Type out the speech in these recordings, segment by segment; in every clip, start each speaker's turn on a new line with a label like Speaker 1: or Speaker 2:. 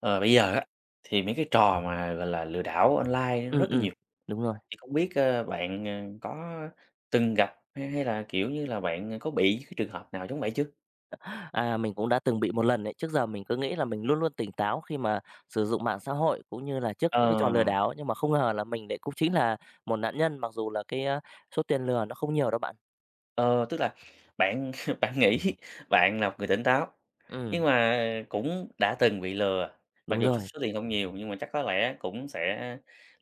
Speaker 1: Ờ, bây giờ á thì mấy cái trò mà, gọi là, lừa đảo online nó
Speaker 2: Ừm,
Speaker 1: rất là
Speaker 2: ừm,
Speaker 1: nhiều,
Speaker 2: đúng rồi.
Speaker 1: thì không biết, ơ, bạn, à, có từng gặp hay hay là, kiểu như, là bạn, à, có bị cái trường hợp nào giống vậy chưa?
Speaker 2: À, mình cũng đã từng bị 1 lần ấy, trước giờ mình cứ nghĩ là mình luôn luôn tỉnh táo khi mà sử dụng mạng xã hội cũng như là trước những cái trò lừa
Speaker 1: Ờ.
Speaker 2: đảo, nhưng mà không ngờ là mình lại cũng chính là 1 nạn nhân mặc dù là cái, a, số tiền lừa nó không nhiều đâu bạn.
Speaker 1: Ờ, tức là, bạn bạn nghĩ bạn là 1 người tỉnh táo, nhưng
Speaker 2: Ừm.
Speaker 1: mà cũng đã từng bị lừa, mặc
Speaker 2: Đúng
Speaker 1: dù số
Speaker 2: rồi.
Speaker 1: số tiền không nhiều nhưng mà chắc có lẽ cũng sẽ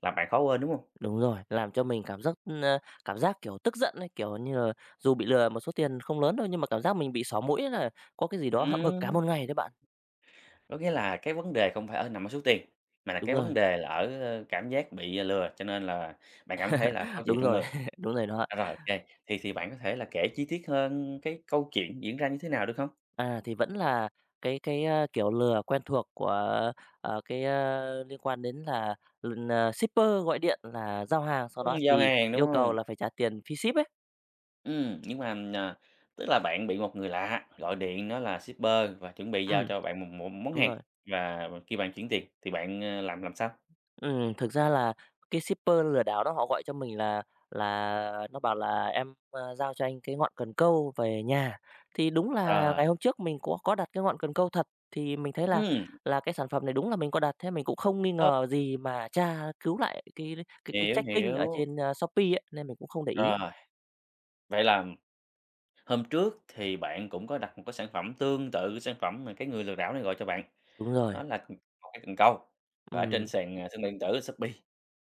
Speaker 1: làm bạn khó quên, đúng hông?
Speaker 2: Đúng rồi, làm cho mình cảm giác, ờ, cảm giác, kiểu, tức giận ấy, kiểu như là, dù bị lừa một số tiền không lớn đâu nhưng mà cảm giác mình bị xỏ mũi ấy, là có cái gì đó hậm hực cả 1
Speaker 1: Ừm.
Speaker 2: ngày đấy bạn.
Speaker 1: Có nghĩa là cái vấn đề không phải ở nằm ở số tiền, mà là
Speaker 2: Đúng
Speaker 1: cái vấn
Speaker 2: rồi.
Speaker 1: đề là ở cảm giác bị, à, lừa cho nên là bạn cảm thấy là khó chịu
Speaker 2: Đúng
Speaker 1: trong
Speaker 2: rồi,
Speaker 1: người?
Speaker 2: đúng rồi đó.
Speaker 1: À, rồi, OK, thì thì bạn có thể là kể chi tiết hơn cái câu chuyện diễn ra như thế nào được không?
Speaker 2: À, thì vẫn là cái cái, a, kiểu lừa quen thuộc của, ờ, cái, ơ, liên quan đến là l à, shipper gọi điện là giao hàng sau
Speaker 1: Ừm,
Speaker 2: đó
Speaker 1: giao
Speaker 2: thì
Speaker 1: hàng, đúng
Speaker 2: yêu cầu
Speaker 1: hông?
Speaker 2: là phải trả tiền phí ship ấy.
Speaker 1: Ừm, nhưng mà, ừm, ờ, tức là bạn bị một người lạ, gọi điện nói là shipper và chuẩn bị giao
Speaker 2: Ừm,
Speaker 1: cho bạn một một món
Speaker 2: đúng
Speaker 1: hàng,
Speaker 2: rồi.
Speaker 1: và khi bạn chuyển tiền thì bạn, ờ, làm làm sao?
Speaker 2: Ừm, thực ra là cái shipper lừa đảo đó họ gọi cho mình là là nó bảo là "Em, ơ, giao cho anh cái ngọn cần câu về nhà". Thì đúng là
Speaker 1: Ờ.
Speaker 2: ngày hôm trước mình có có đặt cái ngọn cần câu thật, thì mình thấy là
Speaker 1: Ừm.
Speaker 2: là cái sản phẩm này đúng là mình có đặt, thế mình cũng không nghi
Speaker 1: Ơ.
Speaker 2: ngờ gì mà tra cứu lại cái cái cái
Speaker 1: Hiểu,
Speaker 2: tracking ở
Speaker 1: hiểu.
Speaker 2: trên, a, Shopee ấy, nên mình cũng không để ý.
Speaker 1: Rồi, vậy là hôm trước thì bạn cũng có đặt một cái sản phẩm tương tự sản phẩm mà cái người lừa đảo này gọi cho bạn,
Speaker 2: Đúng rồi.
Speaker 1: đó là, ừm, 1 cái cần câu và ở trên
Speaker 2: Ừm.
Speaker 1: sàn, à, thương mại điện tử Shopee,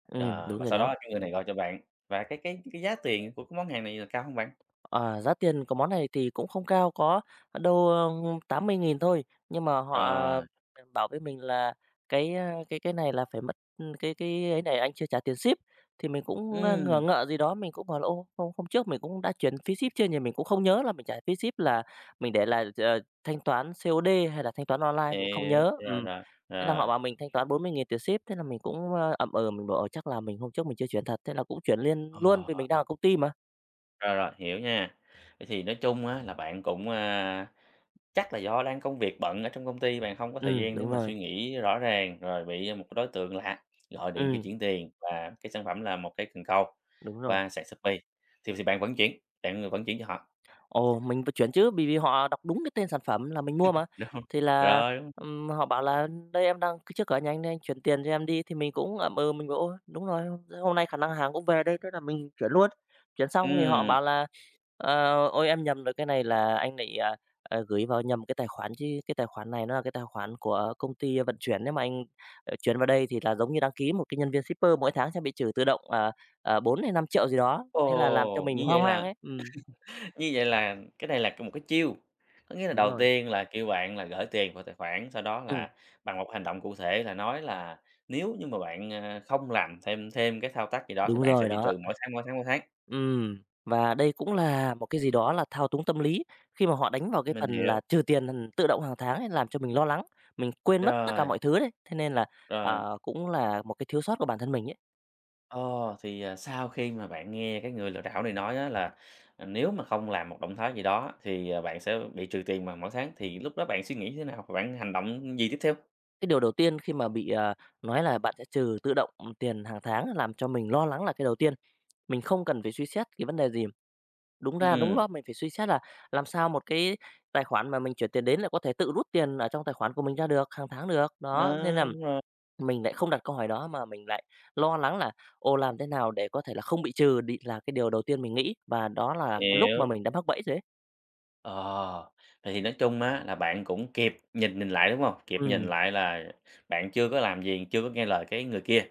Speaker 2: Ừm,
Speaker 1: ờ,
Speaker 2: đúng
Speaker 1: và
Speaker 2: rồi
Speaker 1: sau
Speaker 2: đó.
Speaker 1: đó cái người này gọi cho bạn, và cái cái cái giá tiền của cái món hàng này là cao hông bạn?
Speaker 2: Ờ, giá tiền của món này thì cũng không cao, có, ơ, đâu, ơ, 80.000 thôi, nhưng mà họ
Speaker 1: Rồi.
Speaker 2: b bảo với mình là cái, a, cái cái này là phải mất cái cái ấy này anh chưa trả tiền ship. Thì mình cũng, ơ, ngờ
Speaker 1: Ừm.
Speaker 2: ngợ gì đó, mình cũng hỏi là, ô, hôm hôm trước mình cũng đã chuyển phí ship chưa nhỉ? Mình cũng không nhớ là mình trả phí ship là mình để là ch thanh toán COD hay là thanh toán online, mình cũng không
Speaker 1: Hiểu,
Speaker 2: nhớ,
Speaker 1: rồi,
Speaker 2: ừm,
Speaker 1: rồi,
Speaker 2: thế là
Speaker 1: rồi.
Speaker 2: họ bảo mình thanh toán 40.000 tiền ship thế là mình cũng, ơ, ậm ừ, mình bảo, ờ, chắc là mình hôm trước mình chưa chuyển thật, thế là cũng chuyển liền luôn vì mình đang
Speaker 1: Ồ!
Speaker 2: ở công ty mà.
Speaker 1: Rồi, rồi, hiểu nha, vậy thì nói chung á, là bạn cũng, a, chắc là do đang công việc bận ở trong công ty, bạn không có thời
Speaker 2: Ừm,
Speaker 1: gian để
Speaker 2: đúng
Speaker 1: mà suy
Speaker 2: rồi.
Speaker 1: nghĩ rõ ràng, rồi bị một cái đối tượng lạ gọi điện kêu
Speaker 2: Ừm.
Speaker 1: chuyển tiền, và cái sản phẩm là 1 cái cần câu,
Speaker 2: Đúng rồi.
Speaker 1: qua sàn Shopee, thì thì bạn vẫn chuyển, bạn, ờ, vẫn chuyển cho họ.
Speaker 2: Ồ, mình phải chuyển chứ, bởi vì họ đọc đúng cái tên sản phẩm là mình mua mà.
Speaker 1: Được hông?
Speaker 2: Thì là,
Speaker 1: Rồi luôn.
Speaker 2: ừm, họ bảo là "Đây em đang c trước cửa nhà anh đây, anh chuyển tiền cho em đi", thì mình cũng ậm ừ, mình bảo: "Ôi, đúng rồi, thế hôm nay khả năng hàng cũng về đây", thế là mình chuyển luôn. Chuyển xong thì họ
Speaker 1: Ừm.
Speaker 2: bảo là, ờ, "Ôi, em nhầm rồi, cái này là anh bị, à, à, gửi vào nhầm cái tài khoản chứ, cái tài khoản này nó là cái tài khoản của công ty vận chuyển, nếu mà anh, ờ, chuyển vào đây thì là giống như đăng ký một cái nhân viên shipper, mỗi tháng sẽ bị trừ tự động, à, ờ, bốn hay 5.000.000 gì đó", thế là làm cho
Speaker 1: Ồ!
Speaker 2: mình
Speaker 1: Như vậy
Speaker 2: hoang mang
Speaker 1: là
Speaker 2: ấy, ừm.
Speaker 1: như vậy là cái này là một cái chiêu, có nghĩa là
Speaker 2: Đúng
Speaker 1: đầu
Speaker 2: rồi.
Speaker 1: tiên là kêu bạn là gởi tiền vào tài khoản, sau đó
Speaker 2: Ừm.
Speaker 1: là, bằng một hành động cụ thể là nói là nếu như mà bạn, à, không làm thêm thêm cái thao tác gì đó thì
Speaker 2: Đúng
Speaker 1: bạn sẽ
Speaker 2: rồi,
Speaker 1: bị
Speaker 2: đó.
Speaker 1: trừ mỗi tháng, mỗi tháng, mỗi tháng.
Speaker 2: Ừm, và đây cũng là một cái gì đó là thao túng tâm lý, khi mà họ đánh vào cái
Speaker 1: Mình
Speaker 2: phần
Speaker 1: hiểu.
Speaker 2: là trừ tiền [unintelligible] tự động hàng tháng ấy, làm cho mình lo lắng, mình quên mất tất cả
Speaker 1: Rồi.
Speaker 2: mọi thứ đấy, thế nên là,
Speaker 1: Rồi.
Speaker 2: ờ, cũng là một cái thiếu sót của bản thân mình ấy.
Speaker 1: Ờ, thì, à, sau khi mà bạn nghe cái người lừa đảo này nói á là, à, nếu mà không làm một động thái gì đó, thì, à, bạn sẽ bị trừ tiền vào mỗi tháng, thì lúc đó bạn suy nghĩ như thế nào, và bạn hành động gì tiếp theo?
Speaker 2: Cái điều đầu tiên khi mà bị, à, nói là bạn sẽ trừ tự động tiền hàng tháng làm cho mình lo lắng là cái đầu tiên, mình không cần phải suy xét cái vấn đề gì. Đúng ra đúng
Speaker 1: Ừm.
Speaker 2: đó, mình phải suy xét là làm sao một cái tài khoản mà mình chuyển tiền đến là có thể tự rút tiền ở trong tài khoản của mình ra được hàng tháng được? Đó, nên
Speaker 1: Ờ,
Speaker 2: là
Speaker 1: đúng rồi.
Speaker 2: mình lại không đặt câu hỏi đó mà mình lại lo lắng là, ồ, làm thế nào để có thể là không bị trừ đ là cái điều đầu tiên mình nghĩ, và đó là cái lúc mà
Speaker 1: Hiểu.
Speaker 2: mình đã mắc bẫy rồi ấy.
Speaker 1: Ồ, thì nói chung á, là bạn cũng kịp nhìn nhìn lại, đúng hông? Kịp nhìn
Speaker 2: Ừm.
Speaker 1: lại là bạn chưa có làm gì, chưa có nghe lời cái người kia.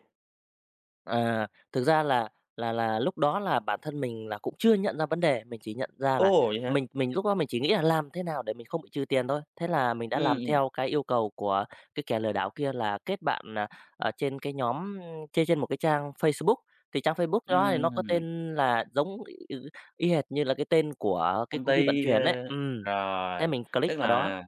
Speaker 2: À, thực ra là là là lúc đó là bản thân mình là cũng chưa nhận ra vấn đề, mình chỉ nhận ra là
Speaker 1: Ô, vậy hả?
Speaker 2: mình mình lúc đó mình chỉ nghĩ là làm thế nào để mình không bị trừ tiền thôi. Thế là mình đã
Speaker 1: Ừm,
Speaker 2: làm
Speaker 1: ừm.
Speaker 2: theo cái yêu cầu của cái kẻ lừa đảo kia là kết bạn, à, ở trên cái nhóm trên trên một cái trang Facebook, thì trang Facebook đó thì nó có
Speaker 1: Ừm.
Speaker 2: tên là giống y y hệt như là cái tên của cái
Speaker 1: Công
Speaker 2: công ty vận
Speaker 1: ty,
Speaker 2: chuyển ấy,
Speaker 1: ơ,
Speaker 2: ừm, thế
Speaker 1: rồi,
Speaker 2: mình click
Speaker 1: tức
Speaker 2: vào đó.
Speaker 1: là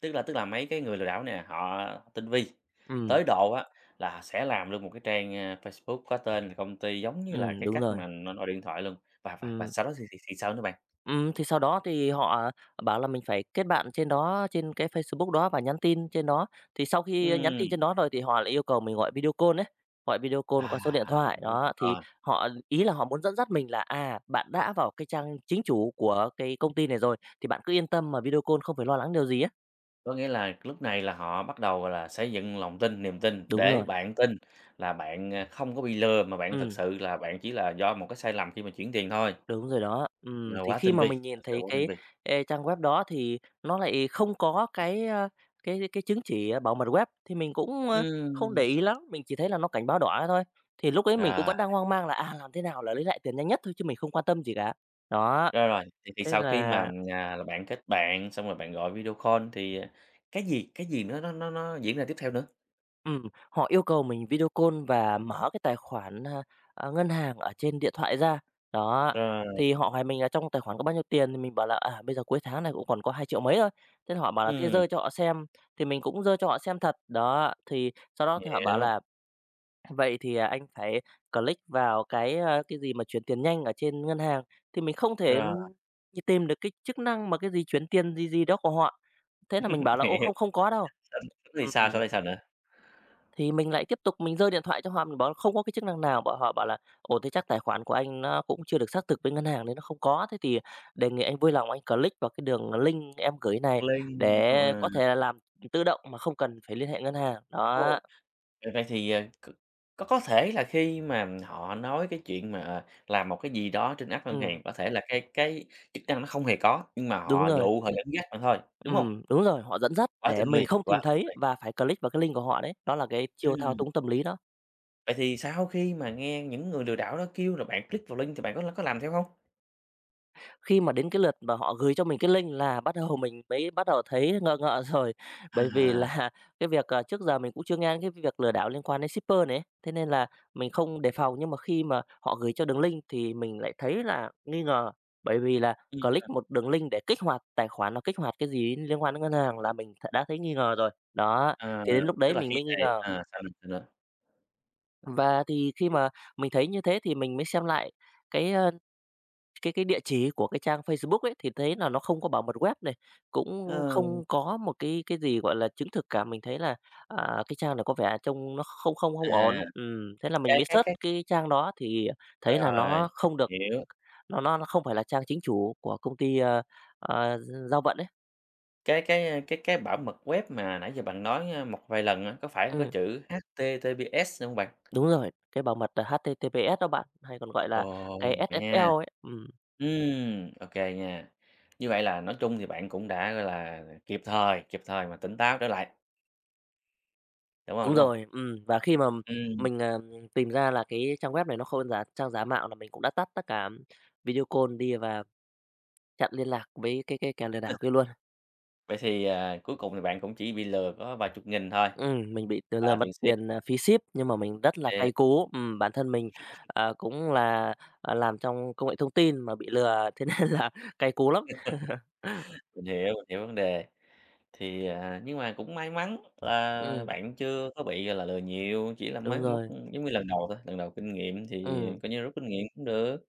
Speaker 1: tức là tức là mấy cái người lừa đảo nè, họ tinh vi,
Speaker 2: Ừm.
Speaker 1: tới độ á, là sẽ làm luôn một cái trang, a, Facebook có tên công ty giống như là
Speaker 2: Ừm,
Speaker 1: cái
Speaker 2: đúng
Speaker 1: cách
Speaker 2: rồi.
Speaker 1: mà nọ gọi điện thoại luôn, và và và
Speaker 2: Ừm.
Speaker 1: sau đó thì thì thì sao nữa bạn?
Speaker 2: Ừm, thì sau đó thì họ bảo là mình phải kết bạn trên đó trên cái Facebook đó và nhắn tin trên đó. Thì sau khi nhắn tin
Speaker 1: Ừm.
Speaker 2: trên đó rồi thì họ lại yêu cầu mình gọi video call ấy, gọi video call
Speaker 1: À,
Speaker 2: qua số điện thoại,
Speaker 1: [unintelligible]
Speaker 2: đó, thì
Speaker 1: ờ.
Speaker 2: họ ý là họ muốn dẫn dắt mình là, à, bạn đã vào cái trang chính chủ của cái công ty này rồi thì bạn cứ yên tâm mà video call không phải lo lắng điều gì ấy.
Speaker 1: Có nghĩa là lúc này là họ bắt đầu, gọi là, xây dựng lòng tin, niềm tin
Speaker 2: Đúng
Speaker 1: để
Speaker 2: rồi!
Speaker 1: bạn tin là bạn, à, không có bị lừa, mà bạn thực
Speaker 2: Ừm.
Speaker 1: sự là bạn chỉ là do một cái sai lầm khi mà chuyển tiền thôi.
Speaker 2: Đúng rồi đó, ừm,
Speaker 1: Nó
Speaker 2: thì
Speaker 1: quá
Speaker 2: khi
Speaker 1: tinh
Speaker 2: mà
Speaker 1: vi,
Speaker 2: mình nhìn
Speaker 1: thật sự
Speaker 2: thấy
Speaker 1: quá tinh
Speaker 2: cái,
Speaker 1: vi!
Speaker 2: ê, trang web đó thì nó lại không có cái, a, cái cái chứng chỉ bảo mật web, thì mình cũng, a, không để
Speaker 1: Ừm.
Speaker 2: ý lắm, mình chỉ thấy là nó cảnh báo đỏ thế thôi. Thì lúc ấy mình cũng
Speaker 1: Rồi.
Speaker 2: vẫn đang hoang mang là, à, làm thế nào là lấy lại tiền nhanh nhất thôi chứ mình không quan tâm gì cả. Đó,
Speaker 1: Rồi, rồi, vậy thì
Speaker 2: thế
Speaker 1: sau khi mà,
Speaker 2: là
Speaker 1: ừm, à, là bạn kết bạn, xong rồi bạn gọi video call thì, à, cái gì cái gì nó nó nó nó diễn ra tiếp theo nữa?
Speaker 2: Ừm, họ yêu cầu mình video call và mở cái tài khoản, a, a, ngân hàng ở trên điện thoại ra, đó.
Speaker 1: Rồi.
Speaker 2: Thì họ hỏi mình là "Trong tài khoản có bao nhiêu tiền?", thì mình bảo là "À, bây giờ cuối tháng nên cũng còn có hai triệu mấy thôi". Thế là họ bảo là thế
Speaker 1: Ừm.
Speaker 2: giơ cho họ xem, thì mình cũng giơ cho họ xem thật, đó. Thì sau đó thì họ bảo
Speaker 1: Hiểu.
Speaker 2: là "Vậy thì, à, anh phải click vào cái, a" cái gì mà "chuyển tiền nhanh ở trên ngân hàng", thì mình không thể,
Speaker 1: Rồi.
Speaker 2: ừm, tìm được cái chức năng mà cái gì chuyển tiền gì gì đó của họ. Thế là mình bảo là "Ô,
Speaker 1: Hiểu.
Speaker 2: không không có đâu".
Speaker 1: Sánh thì
Speaker 2: Ừm.
Speaker 1: sao, sau đó thì sao nữa?
Speaker 2: Thì mình lại tiếp tục mình giơ điện thoại cho họ, mình bảo là không có cái chức năng nào. Bảo họ bảo là "Ồ, thế chắc tài khoản của anh nó cũng chưa được xác thực bên ngân hàng nên nó không có, thế thì, à, đề nghị anh vui lòng anh click vào cái đường link em gửi này
Speaker 1: Link, ừm,
Speaker 2: để
Speaker 1: ờ.
Speaker 2: có thể là làm tự động mà không cần phải liên hệ ngân hàng.",
Speaker 1: Ồ,
Speaker 2: đó.
Speaker 1: ờ, vậy thì, ờ, c có có thể là khi mà họ nói cái chuyện mà, ờ, làm một cái gì đó trên app ngân
Speaker 2: Ừm.
Speaker 1: hàng, có thể là cái cái chức năng nó không hề có, nhưng mà
Speaker 2: Đúng
Speaker 1: họ
Speaker 2: rồi.
Speaker 1: dụ họ dẫn dắt bạn thôi, đúng hông?
Speaker 2: Ừm, đúng rồi, họ dẫn dắt
Speaker 1: Quá
Speaker 2: để
Speaker 1: tinh
Speaker 2: mình
Speaker 1: vi,
Speaker 2: không
Speaker 1: quá
Speaker 2: tìm
Speaker 1: tinh
Speaker 2: thấy
Speaker 1: vi!
Speaker 2: và phải click vào cái link của họ đấy, đó là cái chiêu thao
Speaker 1: Ừm.
Speaker 2: túng tâm lý đó.
Speaker 1: Vậy thì sau khi mà nghe những người lừa đảo đó kêu là bạn click vào link thì bạn có l có làm theo hông?
Speaker 2: Khi mà đến cái lượt mà họ gửi cho mình cái link là bắt đầu mình mới bắt đầu thấy ngờ ngợ rồi, bởi vì
Speaker 1: À.
Speaker 2: là cái việc, à, trước giờ mình cũng chưa nghe đến cái việc lừa đảo liên quan đến shipper này ấy, thế nên là mình không đề phòng. Nhưng mà khi mà họ gửi cho đường link thì mình lại thấy là nghi ngờ, bởi vì là
Speaker 1: Ừm,
Speaker 2: click
Speaker 1: à.
Speaker 2: một đường link để kích hoạt, tài khoản nào kích hoạt cái gì đến liên quan đến ngân hàng là mình đã thấy nghi ngờ rồi, đó,
Speaker 1: À,
Speaker 2: thì đến lúc
Speaker 1: tức
Speaker 2: đấy
Speaker 1: là
Speaker 2: mình
Speaker 1: khi
Speaker 2: mới nghi
Speaker 1: này
Speaker 2: ngờ.
Speaker 1: à, sao nữa, sao nữa?
Speaker 2: Và thì khi mà mình thấy như thế thì mình mới xem lại cái, à, cái cái địa chỉ của cái trang Facebook ấy, thì thấy là nó không có bảo mật web này, cũng
Speaker 1: Ờ.
Speaker 2: không có một cái cái gì, gọi là, chứng thực cả. Mình thấy là, à, cái trang này có vẻ trông nó không không không ổn,
Speaker 1: À,
Speaker 2: ừm, thế là mình
Speaker 1: cái
Speaker 2: mới
Speaker 1: cái
Speaker 2: search
Speaker 1: cái
Speaker 2: cái trang đó thì thấy là
Speaker 1: Rồi,
Speaker 2: nó không được
Speaker 1: hiểu.
Speaker 2: nó nó nó không phải là trang chính chủ của công ty, ờ, ờ, gi giao vận ấy.
Speaker 1: Cái cái, a, cái cái bảo mật web mà nãy giờ bạn nói một vài lần á, có phải có
Speaker 2: Ừm.
Speaker 1: chữ HTTPS hông bạn?
Speaker 2: Đúng rồi, cái bảo mật, à, HTTPS đó bạn, hay còn gọi là
Speaker 1: Ồ,
Speaker 2: cái
Speaker 1: vậy ha.
Speaker 2: SSL ấy, ừm.
Speaker 1: Ừm, ô kê nha, như vậy là nói chung thì bạn cũng đã là kịp thời kịp thời mà tỉnh táo trở lại. Đúng hông,
Speaker 2: Đúng
Speaker 1: đúng hông?
Speaker 2: rồi, ừm, và khi mà
Speaker 1: Ừm.
Speaker 2: mình, ờ, tìm ra là cái trang web này nó khôn giả trang giả mạo là mình cũng đã tắt tất cả video call đi và chặn liên lạc với cái cái kẻ lừa đảo kia luôn.
Speaker 1: Vậy thì, à, cuối cùng thì bạn cũng chỉ bị lừa có vài chục nghìn thôi,
Speaker 2: Ừm, mình bị lừa
Speaker 1: à,
Speaker 2: lừa mất
Speaker 1: tiền ship.
Speaker 2: tiền, ờ, phí ship, nhưng mà mình rất là
Speaker 1: Kê.
Speaker 2: cay cú. Ừm, bản thân mình, ờ, cũng là làm trong công nghệ thông tin mà bị lừa, thế nên là cay cú lắm.
Speaker 1: Mình hiểu, mình hiểu vấn đề. Thì, à, nhưng mà cũng may mắn là
Speaker 2: Ừm.
Speaker 1: bạn chưa có bị, gọi là, lừa nhiều, chỉ là
Speaker 2: Đúng
Speaker 1: mới mất,
Speaker 2: rồi.
Speaker 1: giống như, lần đầu thôi, lần đầu kinh nghiệm thì
Speaker 2: Ừm.
Speaker 1: coi như rút kinh nghiệm cũng được.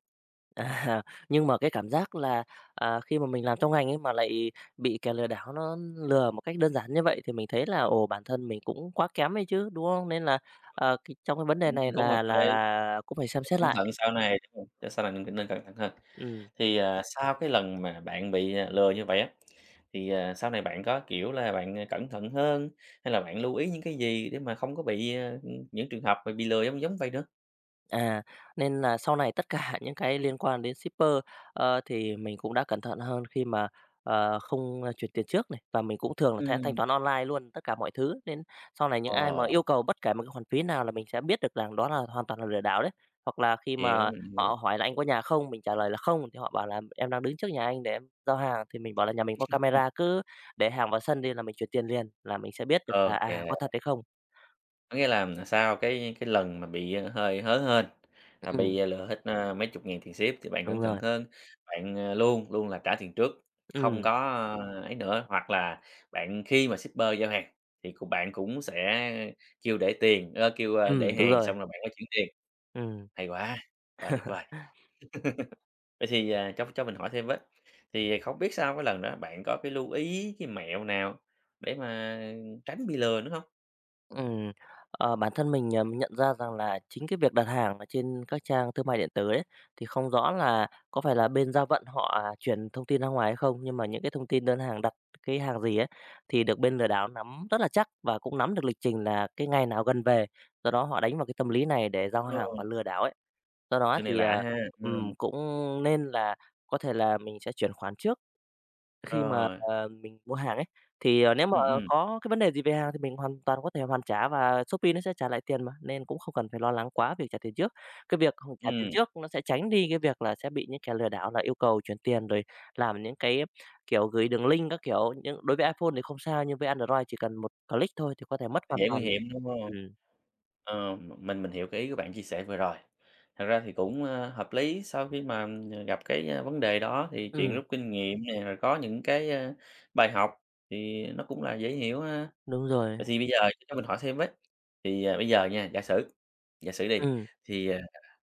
Speaker 2: À, nhưng mà cái cảm giác là, à, khi mà mình làm trong ngành ấy mà lại bị kẻ lừa đảo nó lừa một cách đơn giản như vậy thì mình thấy là, ồ, bản thân mình cũng quá kém ấy chứ, đúng không? Nên là, ờ, kì trong cái vấn đề
Speaker 1: Ừm,
Speaker 2: này
Speaker 1: cũng hợp
Speaker 2: là là
Speaker 1: lý.
Speaker 2: là cũng phải xem xét
Speaker 1: Cẩn
Speaker 2: lại.
Speaker 1: thận sau này sau này mình nên cẩn thận hơn.
Speaker 2: Ừm.
Speaker 1: Thì, à, sau cái lần mà bạn bị lừa như vậy á, thì, à, sau này bạn có, kiểu là, bạn cẩn thận hơn, hay là bạn lưu ý những cái gì để mà không có bị, ờ, những trường hợp mà bị lừa giống giống vậy nữa?
Speaker 2: À, nên nà sau này tất cả những cái liên quan đến shipper, ờ, thì mình cũng đã cẩn thận hơn, khi mà, ờ, không, a, chuyển tiền trước này. Và mình cũng thường là sẽ thanh
Speaker 1: Ừm.
Speaker 2: toán online luôn, tất cả mọi thứ. Nên sau này những ai mà
Speaker 1: Ờ.
Speaker 2: yêu cầu bất kể một cái khoản phí nào là mình sẽ biết được rằng đó là hoàn toàn là lừa đảo đấy. Hoặc là khi
Speaker 1: Hiểu,
Speaker 2: mà
Speaker 1: mình hiểu.
Speaker 2: họ hỏi là "Anh có nhà không?" Mình trả lời là" Không," thì họ bảo là "Em đang đứng trước nhà anh để em giao hàng," thì mình bảo là "Nhà mình có
Speaker 1: Ừm.
Speaker 2: camera cứ để hàng vào sân đi là mình chuyển tiền liền." là mình sẽ biết được
Speaker 1: Ô
Speaker 2: là, à,
Speaker 1: kê.
Speaker 2: có thật hay không.
Speaker 1: Có nghĩa là sau cái cái lần mà bị, ờ, hơi hớ hênh, là
Speaker 2: Ừm.
Speaker 1: bị lừa hết, a, mấy chục ngàn tiền ship thì bạn cẩn
Speaker 2: Đúng
Speaker 1: thận
Speaker 2: rồi.
Speaker 1: hơn, bạn, à, luôn luôn là trả tiền trước, không có
Speaker 2: Ừm.
Speaker 1: ấy nữa. Hoặc là bạn khi mà shipper giao hàng, thì của bạn cũng sẽ kêu để tiền, ơ, kêu, a, để
Speaker 2: Ừm, đúng
Speaker 1: hàng
Speaker 2: rồi.
Speaker 1: xong rồi bạn mới chuyển tiền.
Speaker 2: Ừm.
Speaker 1: Hay quá, quá tuyệt vời. Vậy thì, à, cho cho mình hỏi thêm với, thì không biết sau cái lần đó bạn có cái lưu ý cái mẹo nào, để mà tránh bị lừa nữa hông?
Speaker 2: Ừm, ờ, bản thân mình, ờ, mình nhận ra rằng là chính cái việc đặt hàng ở trên các trang thương mại điện tử ấy, thì không rõ là có phải là bên giao vận họ chuyển thông tin ra ngoài hay không. Nhưng mà những cái thông tin đơn hàng đặt cái hàng gì ấy, thì được bên lừa đảo nắm rất là chắc, và cũng nắm được lịch trình là cái ngày nào gần về. Do đó họ đánh vào cái tâm lý này để giao
Speaker 1: Ờ.
Speaker 2: hàng và lừa đảo ấy. Do đó
Speaker 1: Chuyện này
Speaker 2: thì,
Speaker 1: lạ
Speaker 2: à,
Speaker 1: ha?
Speaker 2: ừm,
Speaker 1: Ừm.
Speaker 2: cũng nên là có thể là mình sẽ chuyển khoản trước. Khi mà,
Speaker 1: Rồi.
Speaker 2: à, mình mua hàng ấy, thì, à, nếu mà
Speaker 1: Ừm, ừm.
Speaker 2: có cái vấn đề gì về hàng thì mình hoàn toàn có thể hoàn trả và Shopee nó sẽ trả lại tiền mà, nên cũng không cần phải lo lắng quá về trả tiền trước. Cái việc không trả tiền
Speaker 1: Ừm.
Speaker 2: trước nó sẽ tránh đi cái việc là sẽ bị những kẻ lừa đảo là yêu cầu chuyển tiền, rồi làm những cái, kiểu, gửi đường link các kiểu nhưng đối với iPhone thì không sao, nhưng với Android chỉ cần một click thôi thì có thể mất hoàn
Speaker 1: Dễ nguy
Speaker 2: toàn,
Speaker 1: hiểm, đúng hông?
Speaker 2: ừm.
Speaker 1: Ờm, m mình mình hiểu cái ý của bạn chia sẻ vừa rồi. Thật ra thì cũng, a, hợp lý sau khi mà, ừm, gặp cái, a, vấn đề đó thì chuyện
Speaker 2: Ừm.
Speaker 1: rút kinh nghiệm nè, rồi có những cái, a, bài học thì nó cũng là dễ hiểu ha.
Speaker 2: Đúng rồi.
Speaker 1: Vậy thì bây giờ cho mình hỏi thêm với, thì, ờ, bây giờ nha giả sử giả sử đi,
Speaker 2: Ừm.
Speaker 1: thì, à,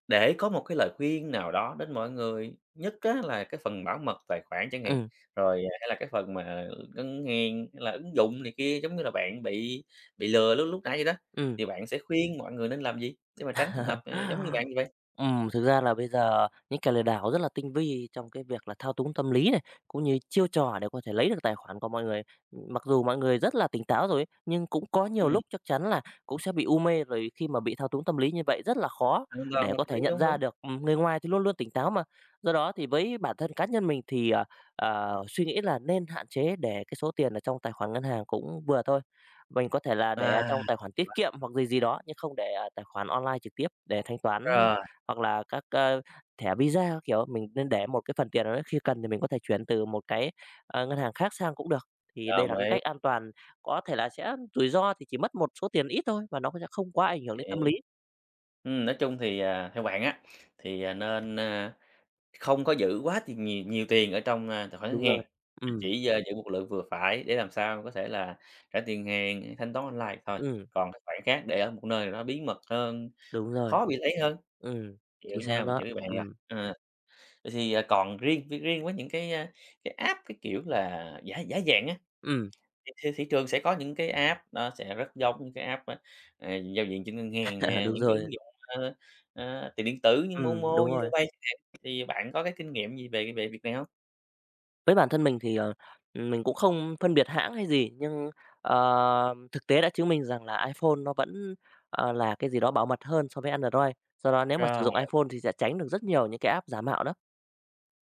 Speaker 1: để có một cái lời khuyên nào đó đến mọi người, nhất á là cái phần bảo mật tài khoản chẳng hạn,
Speaker 2: Ừm.
Speaker 1: rồi, à, hay là cái phần mà, ừ, ngân hàng, hay là ứng dụng này kia giống như là bạn bị bị lừa lúc lúc nãy vậy đó.
Speaker 2: Ừm.
Speaker 1: Thì bạn sẽ khuyên mọi người nên làm gì để mà tránh trường hợp, à, giống như bạn như vậy?
Speaker 2: Ừm, thực ra là bây giờ những kẻ lừa đảo rất là tinh vi trong cái việc là thao túng tâm lý này, cũng như chiêu trò để có thể lấy được tài khoản của mọi người. Ừm, mặc dù mọi người rất là tỉnh táo rồi ấy, nhưng cũng có nhiều
Speaker 1: Ừm.
Speaker 2: lúc chắc chắn là cũng sẽ bị u mê, rồi khi mà bị thao túng tâm lý như vậy rất là khó
Speaker 1: Hoàn toàn
Speaker 2: để
Speaker 1: hợp
Speaker 2: có thể
Speaker 1: lý,
Speaker 2: nhận
Speaker 1: đúng,
Speaker 2: ra
Speaker 1: đúng.
Speaker 2: được, ừm, người ngoài thì luôn luôn tỉnh táo mà. Do đó thì với bản thân cá nhân mình thì, à, à, suy nghĩ là nên hạn chế, để cái số tiền ở trong tài khoản ngân hàng cũng vừa thôi. Mình có thể là để ở
Speaker 1: À, hay
Speaker 2: trong tài khoản tiết
Speaker 1: quá.
Speaker 2: kiệm hoặc gì gì đó, nhưng không để ở tài khoản online trực tiếp để thanh toán,
Speaker 1: Rồi.
Speaker 2: hoặc là các, a, thẻ Visa các kiểu. Mình nên để một cái phần tiền nào đấy khi cần thì mình có thể chuyển từ một cái, a, ngân hàng khác sang cũng được, thì đây
Speaker 1: Đồng
Speaker 2: là cái
Speaker 1: ý.
Speaker 2: cách an toàn. Có thể là sẽ rủi ro thì chỉ mất một số tiền ít thôi và nó sẽ không quá ảnh hưởng đến tâm
Speaker 1: Hiểu.
Speaker 2: lý.
Speaker 1: Ừm, nói chung thì, ờ, theo bạn á, thì, ờ, nên, a, không có giữ quá tiền nhiều nhiều tiền ở trong, a, tài khoản ngân
Speaker 2: Đúng
Speaker 1: hàng,
Speaker 2: rồi,
Speaker 1: mà
Speaker 2: ừm.
Speaker 1: chỉ, a, giữ một lượng vừa phải để làm sao có thể là trả tiền hàng thanh toán online vậy thôi.
Speaker 2: Ừm.
Speaker 1: Còn cái khoản khác để ở một nơi nào đó bí mật hơn,
Speaker 2: Đúng rồi.
Speaker 1: khó bị lấy hơn.
Speaker 2: Ừm,
Speaker 1: Hiểu
Speaker 2: chính xác
Speaker 1: nha, mình
Speaker 2: đó,
Speaker 1: hiểu ý bạn rồi.
Speaker 2: ừm.
Speaker 1: Ờ, vậy thì, à, còn riêng riêng với những cái, a, cái app cái kiểu là giả giả dạng á,
Speaker 2: Ừm.
Speaker 1: thì thị trường sẽ có những cái app nó sẽ rất giống những cái app á, à, giao diện trên ngân hàng nè,
Speaker 2: Đúng
Speaker 1: những cái
Speaker 2: rồi.
Speaker 1: ứng dụng, ơ, ơ, tiền điện tử như
Speaker 2: Ừm,
Speaker 1: MoMo,
Speaker 2: đúng rồi.
Speaker 1: ZaloPay chẳng hạn, thì bạn có cái kinh nghiệm gì về về việc này hông?
Speaker 2: Với bản thân mình thì, ờ, ừm, mình cũng không phân biệt hãng hay gì nhưng, ờ, thực tế đã chứng minh rằng là iPhone nó vẫn, ờ, là cái gì đó bảo mật hơn so với Android. Do đó nếu mà sử
Speaker 1: Rồi.
Speaker 2: dụng iPhone thì sẽ tránh được rất nhiều những cái app giả mạo đó.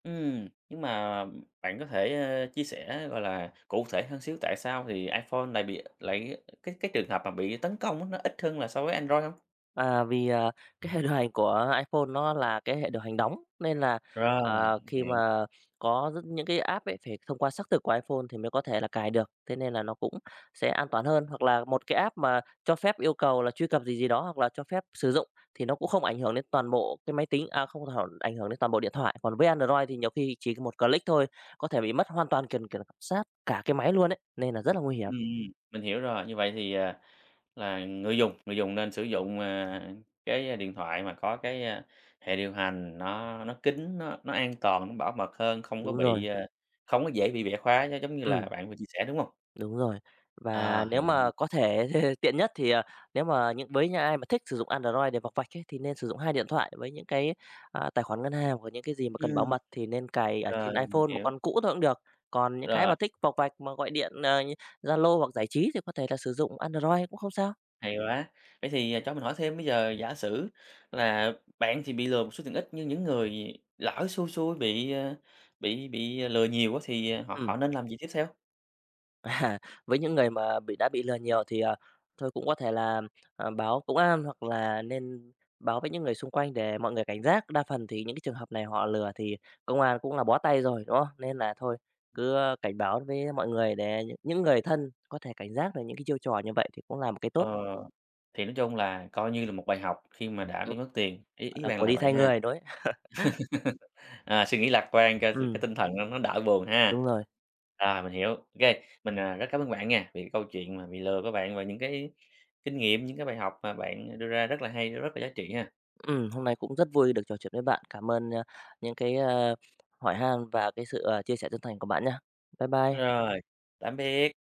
Speaker 1: Ừm, nhưng mà bạn có thể, à, chia sẻ, gọi là, cụ thể hơn xíu tại sao thì iPhone lại bị lại cái cái trường hợp mà bị tấn công á nó ít hơn là so với Android hông?
Speaker 2: À, vì, à, cái hệ điều hành của iPhone nó là cái hệ điều hành đóng nên là,
Speaker 1: Rồi,
Speaker 2: à,
Speaker 1: h
Speaker 2: khi
Speaker 1: hiểu.
Speaker 2: mà có rất những cái app ấy phải thông qua xác thực của iPhone thì mới có thể là cài được, thế nên là nó cũng sẽ an toàn hơn, hoặc là 1 cái app mà cho phép yêu cầu là truy cập gì gì đó, hoặc là cho phép sử dụng thì nó cũng không ảnh hưởng đến toàn bộ cái máy tính, à, không [unintelligible] ảnh hưởng đến toàn bộ điện thoại. Còn với Android thì nhiều khi chỉ 1 click thôi, có thể bị mất hoàn toàn k kiểm soát cả cái máy luôn ấy, nên là rất là nguy hiểm.
Speaker 1: Ừm, mình hiểu rồi, như vậy thì, à, là người dùng người dùng nên sử dụng, à, cái điện thoại mà có cái, à, hệ điều hành nó nó kín, nó nó an toàn, nó bảo mật hơn, không có
Speaker 2: Đúng rồi.
Speaker 1: bị, à, không có dễ bị bẻ khóa nó giống như là
Speaker 2: Ừm.
Speaker 1: bạn vừa chia sẻ, đúng hông?
Speaker 2: Đúng rồi, và
Speaker 1: À,
Speaker 2: nếu
Speaker 1: hay quá.
Speaker 2: mà có thể tiện nhất thì, à, nếu mà như với những ai mà thích sử dụng Android để vọc vạch ấy thì nên sử dụng 2 điện thoại với những cái, à, tài khoản ngân hàng hoặc những cái gì mà cần bảo
Speaker 1: Ừm.
Speaker 2: mật thì nên cài ở
Speaker 1: Rồi,
Speaker 2: trên
Speaker 1: mình
Speaker 2: iPhone, 1
Speaker 1: hiểu.
Speaker 2: con cũ thôi cũng được. Còn những cái
Speaker 1: Rồi.
Speaker 2: mà thích vọc vạch mà gọi điện, à, như Zalo hoặc giải trí thì có thể là sử dụng Android cũng không sao.
Speaker 1: Hay quá. Vậy thì, ờ, cho mình hỏi thêm bây giờ giả sử là bạn chỉ bị lừa một số tiền ít, nhưng những người lỡ xui xui bị, à, bị bị lừa nhiều á thì họ
Speaker 2: Ừm.
Speaker 1: họ nên làm gì tiếp theo?
Speaker 2: À, với những người mà bị đã bị lừa nhiều thì, ờ, thôi cũng có thể là, ờm, báo công an hoặc là nên báo với những người xung quanh để mọi người cảnh giác, đa phần thì những cái trường hợp này họ lừa thì công an cũng là bó tay rồi, đúng không? Nên là thôi cứ cảnh báo với mọi người để những những người thân có thể cảnh giác được những cái chiêu trò như vậy thì cũng là một cái tốt.
Speaker 1: Ờ, thì nói chung là coi như là một bài học khi mà đã
Speaker 2: Ừm,
Speaker 1: bị mất tiền, ý ý
Speaker 2: là
Speaker 1: bạn
Speaker 2: của
Speaker 1: là
Speaker 2: đi
Speaker 1: vậy
Speaker 2: thay
Speaker 1: ha.
Speaker 2: người rồi.
Speaker 1: Ờ, suy nghĩ lạc quan cho cái
Speaker 2: Ừm.
Speaker 1: tinh thần cho nó đỡ buồn ha.
Speaker 2: Đúng rồi.
Speaker 1: Rồi mình hiểu, OK. Mình, à, rất cảm ơn bạn nghe, vì câu chuyện mà bị lừa của bạn và những cái kinh nghiệm, những cái bài học mà bạn đưa ra rất là hay, nó rất là giá trị ha.
Speaker 2: Ừm, hôm nay cũng rất vui được trò chuyện với bạn. Cảm ơn, a, những cái, ờ, hỏi han và cái sự, à, chia sẻ chân thành của bạn nhá. Bye bye.
Speaker 1: Rồi, tạm biệt.